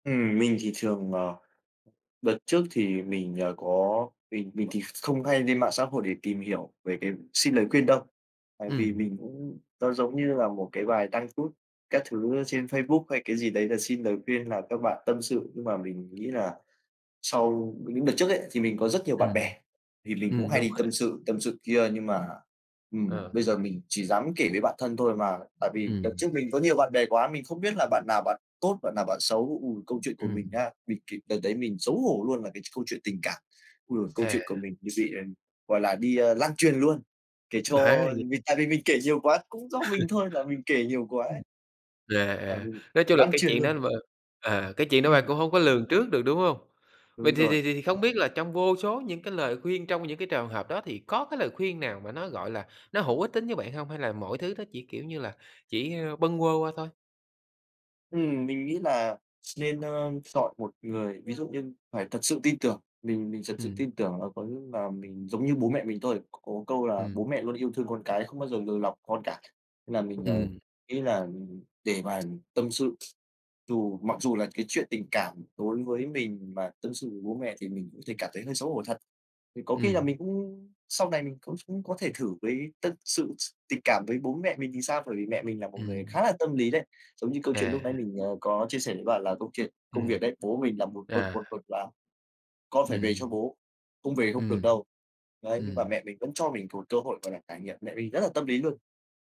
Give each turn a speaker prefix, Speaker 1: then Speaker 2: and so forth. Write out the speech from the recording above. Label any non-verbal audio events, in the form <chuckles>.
Speaker 1: Ừm, mình thì thường, ờ đợt trước thì mình, ờ, có mình mình thì không hay lên mạng xã hội để tìm hiểu về cái xin lời khuyên đâu, tại vì
Speaker 2: Ừm.
Speaker 1: mình cũng nó giống như là một cái bài đăng status các thứ trên Facebook hay cái gì đấy là xin lời khuyên là các bạn tâm sự, nhưng mà mình nghĩ là sau những đợt trước ấy, thì mình có rất nhiều bạn bè
Speaker 2: Ừm.
Speaker 1: thì mình cũng
Speaker 2: Ừm,
Speaker 1: hay
Speaker 2: đúng
Speaker 1: đi
Speaker 2: rồi.
Speaker 1: tâm sự, tâm sự kia nhưng mà, ừm,
Speaker 2: Ờ.
Speaker 1: bây giờ mình chỉ dám kể với bạn thân thôi, mà tại vì đợt
Speaker 2: Ừm.
Speaker 1: trước mình có nhiều bạn bè quá, mình không biết là bạn nào bạn tốt, bạn nào bạn xấu. Ừ, câu chuyện của mình
Speaker 2: Ừm.
Speaker 1: nhá, mình kể đợt đấy mình xấu hổ luôn, là cái câu chuyện tình cảm. Ôi giời, câu chuyện của
Speaker 2: À.
Speaker 1: mình như bị, gọi là, đi, ơ, lan truyền luôn, kể
Speaker 2: <unintelligible>
Speaker 1: cho
Speaker 2: Là gì?
Speaker 1: vì tại vì mình kể nhiều quá, cũng do mình
Speaker 2: <chuckles>
Speaker 1: thôi là mình kể nhiều quá
Speaker 2: Ừm.
Speaker 1: ấy.
Speaker 2: À,
Speaker 1: Tại vì
Speaker 2: à, nói chung là
Speaker 1: lan
Speaker 2: cái
Speaker 1: truyền
Speaker 2: chuyện
Speaker 1: luôn.
Speaker 2: đó là b à, cái chuyện đó bạn
Speaker 1: Ừm.
Speaker 2: cũng hông có lường trước được, đúng hông? Vậy
Speaker 1: Đúng
Speaker 2: thì
Speaker 1: rồi.
Speaker 2: thì thì thì không biết là trong vô số những cái lời khuyên trong những cái trường hợp đó thì có cái lời khuyên nào mà nó, gọi là, nó hữu ích tính với bạn hông, hay là mọi thứ nó chỉ, kiểu như là, chỉ, ơ, bâng quơ qua thôi?
Speaker 1: Ừm, mình nghĩ là nên, ơ, chọn một người ví dụ như phải thật sự tin tưởng, mình mình thật sự
Speaker 2: Ừm.
Speaker 1: tin tưởng là có là mình giống như bố mẹ mình thôi, có câu là
Speaker 2: Ừm.
Speaker 1: bố mẹ luôn yêu thương con cái không bao giờ lừa lọc con cả. Nên là mình, ờ,
Speaker 2: Ừm.
Speaker 1: nghĩ là để mà tâm sự dù mặc dù là cái chuyện tình cảm đối với mình mà tâm sự với bố mẹ thì mình có thể cảm thấy hơi xấu hổ thật. Thì có khi là
Speaker 2: Ừm.
Speaker 1: mình cũng sau này mình cũng có thể thử với tất sự s tình cảm với bố mẹ mình thì sao? Bởi vì mẹ mình là một người
Speaker 2: Ừm.
Speaker 1: khá là tâm lý đấy. Giống như câu chuyện lúc nãy
Speaker 2: À.
Speaker 1: mình, ờ, có chia sẻ với bạn là câu chuyện công
Speaker 2: Ừm.
Speaker 1: việc đấy, bố mình là một mực,
Speaker 2: À.
Speaker 1: một mực là con phải về cho
Speaker 2: Ừm.
Speaker 1: bố, không về không được
Speaker 2: Ừm.
Speaker 1: đâu. Đấy, nhưng mà
Speaker 2: Ừm.
Speaker 1: mẹ mình vẫn cho mình một cơ hội, gọi là, trải nghiệm. Mẹ mình rất là tâm lý luôn.